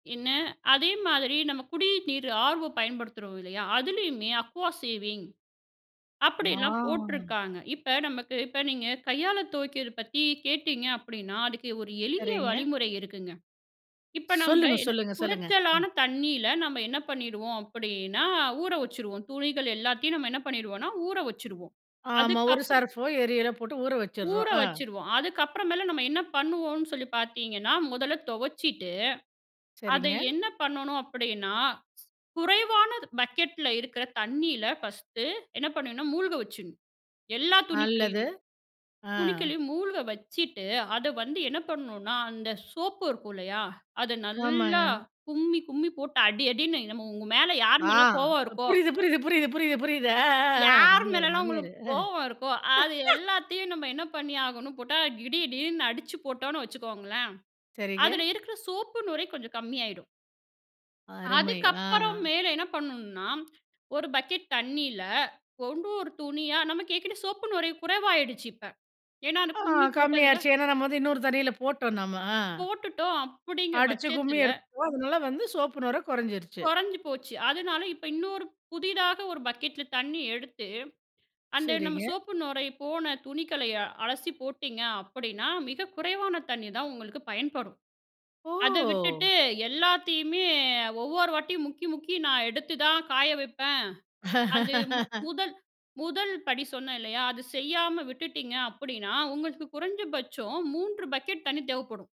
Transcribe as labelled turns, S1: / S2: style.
S1: என்ன, அதே மாதிரி நம்ம குடிய நீரு ஆர்வோ பயன்படுத்துறோம், இல்லையா? அதுலயுமே அக்வா சேவிங் அப்டின்னுலாம்
S2: வாவ்.
S1: போட்டுருக்காங்க. இப்ப நமக்கு, இப்ப நீங்க கையால துவைக்கிறது பத்தி கேட்டீங்க, அப்டின்னா அதுக்கு ஒரு எளிய
S2: சரிங்க.
S1: வழிமுறை இருக்குங்க. இப்ப நாம
S2: சொல்லுங்க
S1: என்ன
S2: சொல்லுங்க சொல்லுங்க ஆ.
S1: குறச்சலான தண்ணில நம்ப என்ன பண்ணிடுவோம் அப்டின்னா, ஊற வச்சுருவோம், துணிகள் எல்லாத்தையும் நாம என்ன பண்ணிருவோம்னா, ஊற வச்சுருவோம்.
S2: ஆமா. ஒரு
S1: அதுக்கப்பறம்
S2: சர்போ, ஏரியலோ போட்டு ஊற
S1: ஊற
S2: வச்சுறோம். ஆ.
S1: வச்சுருவோம். அதுக்கு அப்புறம் மேல நம்ம என்னா பண்ணுவோம்னு சொல்லி பாத்தீங்கன்னா, முதல்ல தொவச்சிட்டு, அத
S2: சரிங்க.
S1: என்ன பண்ணனும் அப்டின்னா, குறைவான பக்கெட்ல இருக்கிற தண்ணில ஃபர்ஸ்டு என்ன பண்ணனும், மூழ்க வச்சுரணும், எல்லா
S2: நல்லது.
S1: துணிகளையுமே.
S2: ஆ.
S1: துணிக்களையும் மூழ்க வச்சிட்டு, அத வந்து என்ன பண்ணனும்னா அந்த சோப்பு இருக்கும் இல்லையா? அத நல்லா
S2: ஆமாங்க.
S1: கும்மி கும்மி போட்டு அடி, அடின்னு நம்ம உங்க மேல, யாரு
S2: ஆ.
S1: மேல கோவம் இருக்கோ?
S2: புரியுது புரியுது புரியுது புரியுது புரியுது ஆ, ஆ.
S1: யார்
S2: மாமியாரு
S1: மேலல்லாம் உங்களுக்கு
S2: மாமியாரு ஆ.
S1: கோவம் இருக்கோ, அது எல்லாத்தையும் நம்ம என்ன பண்ணி ஆகணும், போட்டா இடிஇடிடின்னு அடிச்சு போட்டோம்னு வச்சுக்கோங்களேன்,
S2: சரிங்க.
S1: அதுல இருக்கிற சோப்பு நுரை கொஞ்சம் கம்மி ஆயிடும்.
S2: அருமை!
S1: அதுக்கு
S2: ஆ.
S1: அப்பறம் மேல என்ன பண்ணனும்னா, ஒரு பக்கெட் தண்ணில, ஒண்டொரு துணியா நமக்கு ஏற்கனவே சோப்பு நுரை குறைவாயிடுச்சு இப்ப. ஏன்னா அத
S2: ஆ.
S1: கும்மி
S2: கம்மி
S1: போட்டதுல.
S2: ஆயிருச்சு, ஏன்னா, நம்ம வந்து இன்னொரு தண்ணில போட்டோம் நம்ம. ஆ.
S1: போட்டுட்டோம், அப்டிங்கற
S2: அடிச்சி, கும்மி
S1: பட்சத்துல
S2: எடுத்துருவோம், அதனால வந்து சோப்பு நுரை கொறஞ்சிருச்சி.
S1: கொறஞ்சு போச்சு. அதனால இப்ப இன்னொரு புதிதாக ஒரு பக்கெட்ல தண்ணி எடுத்து, அந்த நம்ம
S2: சரிங்க.
S1: சோப்பு நுரை போன துணிகளை அலசி போட்டீங்க அப்டின்னா மிக குறைவான தண்ணி தான் உங்களுக்கு பயன்படும். அத விட்டுட்டு
S2: ஓ!
S1: எல்லாத்தையுமே, ஒவ்வொரு வாட்டியும் முக்கி, முக்கி நான் எடுத்து தான் காய வெப்பேன், அது மு, முதல முதல் படி சொன்னே இல்லையா? அது செய்யாம விட்டுட்டிங்க அப்டின்னா உங்களுக்கு குறைஞ்ச பட்சம் 3 பக்கெட் தண்ணி தேவப்படும்.